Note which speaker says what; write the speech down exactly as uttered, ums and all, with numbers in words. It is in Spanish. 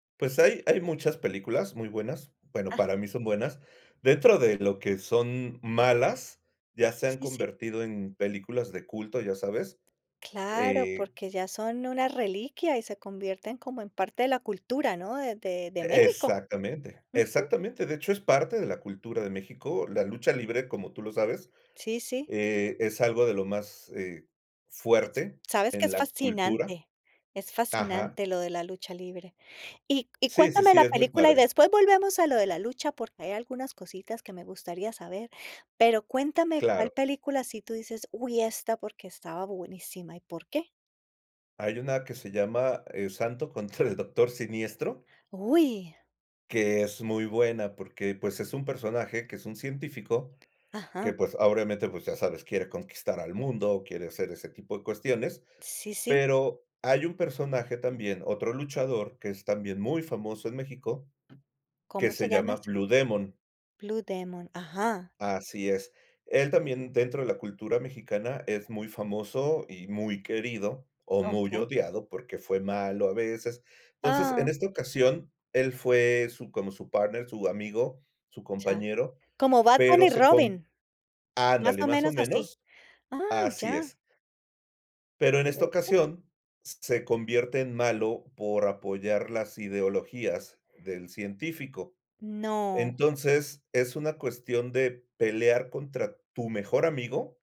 Speaker 1: Pues, hay hay muchas películas muy buenas, bueno,
Speaker 2: Ajá.
Speaker 1: para mí son buenas, dentro de lo que son malas, ya se han
Speaker 2: Sí, sí.
Speaker 1: convertido en películas de culto, ya sabes,
Speaker 2: Claro,
Speaker 1: eh
Speaker 2: porque ya son una reliquia y se convierten como en parte de la cultura, ¿no?, de de de
Speaker 1: E
Speaker 2: México.
Speaker 1: exactamente,
Speaker 2: Ujú.
Speaker 1: exactamente, de hecho es parte de la cultura de México, la lucha libre, como tú lo sabes,
Speaker 2: Sí, sí.
Speaker 1: eh, es algo de lo más, eh,
Speaker 2: [unintelligible]
Speaker 1: fuerte
Speaker 2: Sabes que
Speaker 1: en
Speaker 2: es
Speaker 1: la cultura
Speaker 2: fascinante es
Speaker 1: Ajá.
Speaker 2: fascinante lo de la lucha libre. Y y
Speaker 1: Sí, sí,
Speaker 2: cuéntame
Speaker 1: sí,
Speaker 2: la
Speaker 1: es muy
Speaker 2: película, y
Speaker 1: padre.
Speaker 2: después volvemos a lo de la lucha, porque hay algunas cositas que me gustaría saber, pero cuéntame, cuál
Speaker 1: Claro.
Speaker 2: película, si tú dices, uy, esta, porque estaba buenísima, ¿y por qué?
Speaker 1: Hay una que se llama, eh, Santo contra el Doctor Siniestro.
Speaker 2: ¡Uy!
Speaker 1: Que es muy buena, porque, pues, es un personaje que es un científico
Speaker 2: Ajá.
Speaker 1: que, pues, ahoramente, pues, ya sabes, quiere conquistar al mundo, quiere hacer ese tipo de cuestiones,
Speaker 2: Sí, sí.
Speaker 1: pero hay un personaje también, otro luchador, que es también muy famoso en México, que
Speaker 2: ¿Cómo se
Speaker 1: se
Speaker 2: llama
Speaker 1: llama
Speaker 2: esa?
Speaker 1: Blue Demon.
Speaker 2: Blue Demon. ¡Ajá!
Speaker 1: Así es. Él también, dentro de la cultura mexicana, es muy famoso y muy querido, o muy
Speaker 2: Okey.
Speaker 1: odiado, porque fue malo a veces. Entonces, en
Speaker 2: Ah.
Speaker 1: esta ocasión, él fue su, como su partner, su amigo, su
Speaker 2: Ya,
Speaker 1: compañero,
Speaker 2: como Batman
Speaker 1: pero
Speaker 2: y
Speaker 1: se con
Speaker 2: Robin más
Speaker 1: ándale,
Speaker 2: o
Speaker 1: más o
Speaker 2: menos así,
Speaker 1: menos,
Speaker 2: ¡ah,
Speaker 1: así
Speaker 2: ya!
Speaker 1: es. Pero en esta
Speaker 2: De una.
Speaker 1: ocasión, s se convierte en malo por apoyar las ideologías del científico,
Speaker 2: No.
Speaker 1: entonces es una cuestión de pelear contra tu mejor amigo.